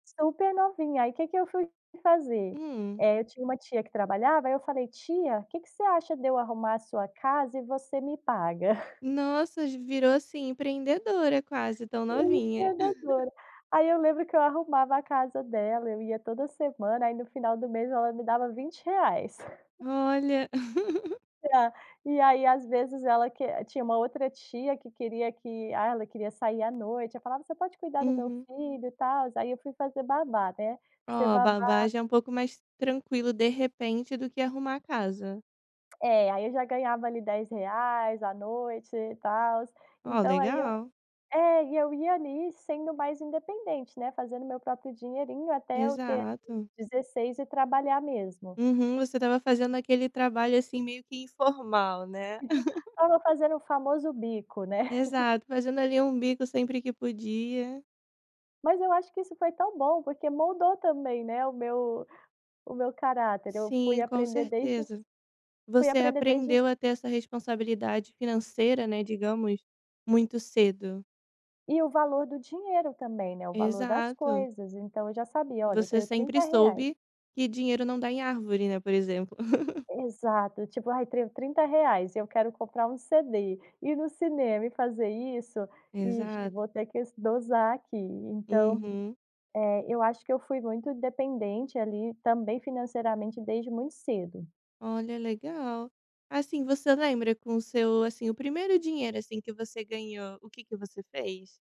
Super novinha, aí que que eu fui fazer. Hum. Eh, eu tinha uma tia que trabalhava, aí eu falei: "Tia, que que você acha de eu arrumar a sua casa e você me paga?" Nossa, virou, assim, empreendedora, quase, tão novinha. Empreendedora. Aí, eu lembro que eu arrumava a casa dela, eu ia toda semana, aí no final do mês ela me dava R$20,00. Olha. E a e aí, às vezes ela que tinha uma outra tia que queria que ah, ela queria sair à noite, ela falava: "Você pode cuidar do meu Uhum. filho." E tal, aí eu fui fazer babá né. Ser Oh, babá. babá é um pouco mais tranquilo, de repente, do que arrumar a casa. É, aí eu já ganhava ali R$10,00 a noite e tals, Oh, então aí eu legal. é, e eu ia ali sendo mais independente, né, fazendo meu próprio dinheirinho até eu ter, ali, Exato. 16 e trabalhar mesmo. Uhum, você estava fazendo aquele trabalho, assim, meio que informal, né. Estava fazendo o famoso bico, né. Exato, fazendo ali um bico sempre que podia. Mas eu acho que isso foi tão bom, porque moldou também, né, o meu o meu caráter. Eu fui Sim, com aprender desde certeza. fui Você aprender desde ce aprendeu a ter essa responsabilidade financeira, né, digamos, muito cedo. E o valor do dinheiro também, né, o valor das Exato. coisas, então eu já sabia: "Olha, eu Você tenho sempre R$30,00." soube que dinheiro não dá em árvore, né, por exemplo. Exato, tipo: "Ai tenho R$30,00, eu quero comprar um CD, ir no cinema e fazer isso, ixe, Exato. vou ter que s dosar aqui." Então, Uhum. eh, eu acho que eu fui muito independente ali, também financeiramente, desde muito cedo. Olha, legal, assim, você lembra com seu, assim, o primeiro dinheiro, assim, que você ganhou, o que que você fez?